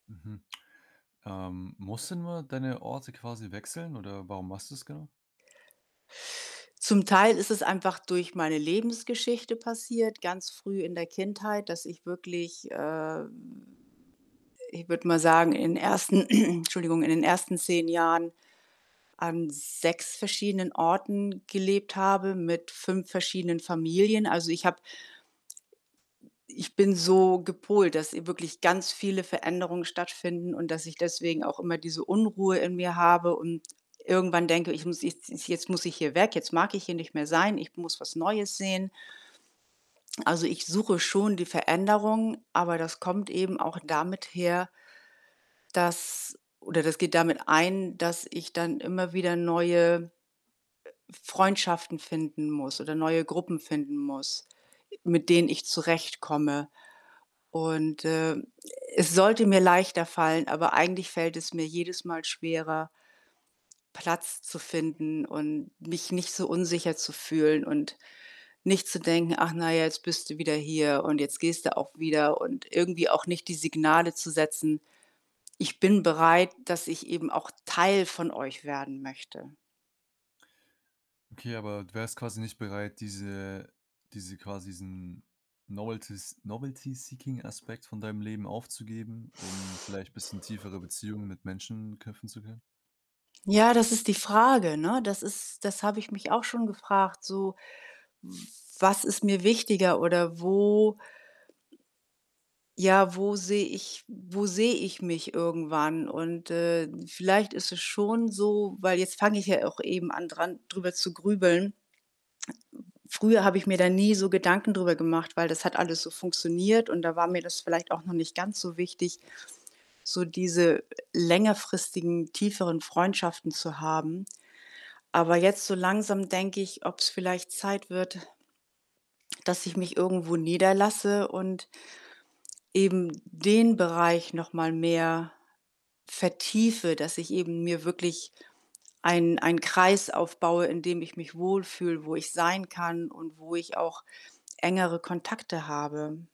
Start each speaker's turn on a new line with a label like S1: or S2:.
S1: Mhm. Ähm, musst du nur deine Orte quasi wechseln oder warum machst du's genau?
S2: Zum Teil ist es einfach durch meine Lebensgeschichte passiert, ganz früh in der Kindheit, dass ich wirklich, ähm, ich würde mal sagen, in 1. entschuldigung in den 1. 10 Jahren an 6 verschiedenen Orten gelebt habe mit 5 verschiedenen Familien. Also, ich habe hm, ich bin so gepolt, dass wirklich ganz viele Veränderungen stattfinden und dass ich deswegen auch immer diese Unruhe in mir habe und irgendwann denke, ich muss jetzt jetzt muss ich hier weg, jetzt mag ich hier nicht mehr sein, ich muss was Neues sehen. Also, ich suche schon die Veränderung, aber das kommt eben auch damit her dass oder das geht damit ein, dass ich dann immer wieder neue, äh, F Freundschaften finden muss oder neue Gruppen finden muss, mit denen ich zurechtkomme. Und, äh, es sollte mir leichter fallen, aber eigentlich fällt es mir jedes Mal schwerer Platz zu finden und mich nicht so unsicher zu fühlen und nicht zu denken: „Ach na ja, jetzt bist du wieder hier und jetzt gehst du auch wieder.“ Und irgendwie auch nicht die Signale zu setzen: „Ich bin bereit, dass ich eben auch Teil von euch werden möchte.“
S1: Okay, aber du wärst quasi nicht bereit, diese diese quasi diesen novelties novelty seeking Aspekt von deinem Leben aufzugeben, um vielleicht bisschen tiefere Beziehungen mit Menschen knüpfen zu können?
S2: Ja, das ist die Frage, ne? Das ist das habe ich mich auch schon gefragt, so, w was ist mir wichtiger oder wo ja, wo sehe ich wo sehe ich mich irgendwann? Und, äh, vielleicht ist es schon so, weil jetzt fange ich ja auch eben an dran drüber zu grübeln. Früher habe ich mir da nie so Gedanken drüber gemacht, weil das hat alles so funktioniert und da war mir das vielleicht auch noch nicht ganz so wichtig, so diese längerfristigen, tieferen Freundschaften zu haben. Aber jetzt so langsam denke ich, ob's vielleicht Zeit wird dass ich mich irgendwo niederlasse und eben den Bereich noch mal mehr vertiefe, dass ich eben mir wirklich ein einen Kreis aufbaue, in dem ich mich wohlfühle, wo ich sein kann und wo ich auch engere Kontakte habe.